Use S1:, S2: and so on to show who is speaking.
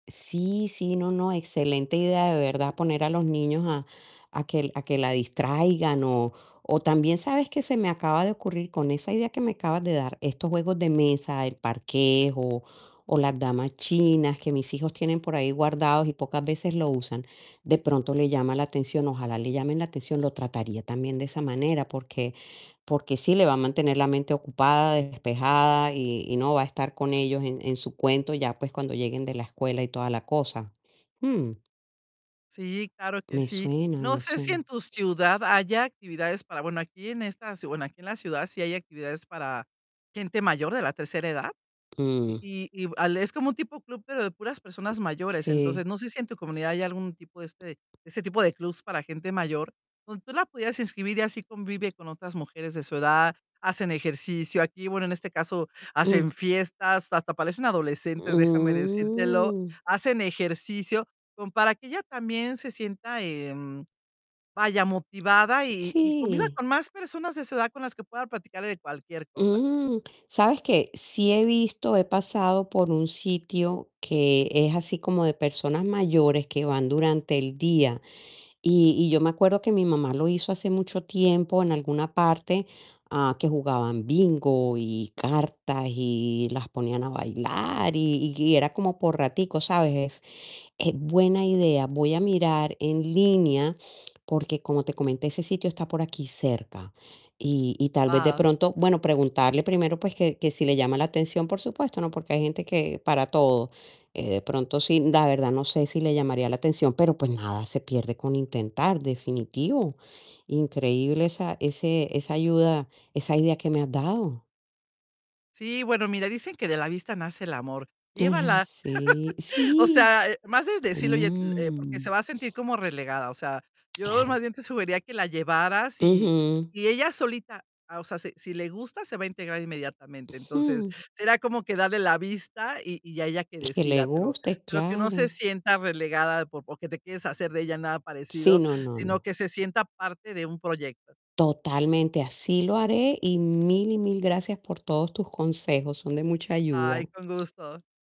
S1: Sí, sí, no, no, excelente idea, de verdad, poner a los niños a a que a que la distraigan, o o también, ¿sabes qué se me acaba de ocurrir con esa idea que me acabas de dar? Estos juegos de mesa, el parques o las damas chinas que mis hijos tienen por ahí guardados, y pocas veces lo usan, de pronto le llama la atención. Ojalá le llamen la atención, lo trataría también de esa manera. Porque porque sí le va a mantener la mente ocupada, despejada, y y no va a estar con ellos en en su cuento ya, pues, cuando lleguen de la escuela y toda la cosa. Mm.
S2: Sí, claro que
S1: Me
S2: sí.
S1: suena,
S2: No
S1: me
S2: sé, si en
S1: suena.
S2: tu ciudad haya actividades para bueno, aquí en esta ci bueno, aquí en la ciudad sí hay actividades para gente mayor de la tercera edad.
S1: Mm.
S2: Y y al es como un tipo club, pero de puras personas mayores. Entonces,
S1: Sí.
S2: no sé si, en tu comunidad hay algún tipo de este, ese tipo de clubs para gente mayor, donde tú la pudieras inscribir y así convive con otras mujeres de su edad, hacen ejercicio. Aquí, bueno, en este caso hacen
S1: Mm.
S2: fiestas, hasta parecen adolescentes, déjame decírtelo.
S1: Mm.
S2: Hacen ejercicio, como para que ella también se sienta, em, vaya, motivada, y y conviva
S1: Sí.
S2: con más personas de su edad con las que pueda platicarle de cualquier cosa.
S1: Mm, ¿sabes qué? Sí he visto, he pasado por un sitio que es así como de personas mayores que van durante el día. Y y yo me acuerdo que mi mamá lo hizo hace mucho tiempo en alguna parte, a, que jugaban bingo y cartas, y las ponían a bailar y y era como por raticos, ¿sabes? Es es buena idea. Voy a mirar en línea, porque como te comenté, ese sitio está por aquí cerca, y y tal vez, de
S2: Guau.
S1: pronto bueno, preguntarle primero, pues, que que si le llama la atención, por supuesto, ¿no? Porque hay gente que para todo. Eh, de pronto sí, la verdad no sé, si le llamaría la atención, pero, pues, nada se pierde con intentar, definitivo. Increíble esa ese esa ayuda, esa idea que me has dado.
S2: Sí, bueno, mira, dicen que de la vista nace el amor,
S1: Ay,
S2: llévala.
S1: sí,
S2: O
S1: sí.
S2: sea, más es decírle: "Oye", eh, porque se
S1: Mm.
S2: va a sentir como relegada. O sea, yo más
S1: Claro.
S2: bien te sugeriría que la llevaras y
S1: Ujú.
S2: y ella solita, ah, o sea, si si le gusta, se va a integrar inmediatamente. Entonces,
S1: Mm.
S2: será como que darle la vista, y y ya ella que
S1: Y que le
S2: decida, pero
S1: guste,
S2: pero que no se
S1: claro
S2: sienta relegada, por porque te quieres deshacer de ella nada
S1: Sí,
S2: parecido,
S1: no, no,
S2: sino
S1: no.
S2: que se sienta parte de un proyecto.
S1: Totalmente, así lo haré, y mil, y mil gracias por todos tus consejos, son de mucha ayuda.
S2: Ay, con gusto.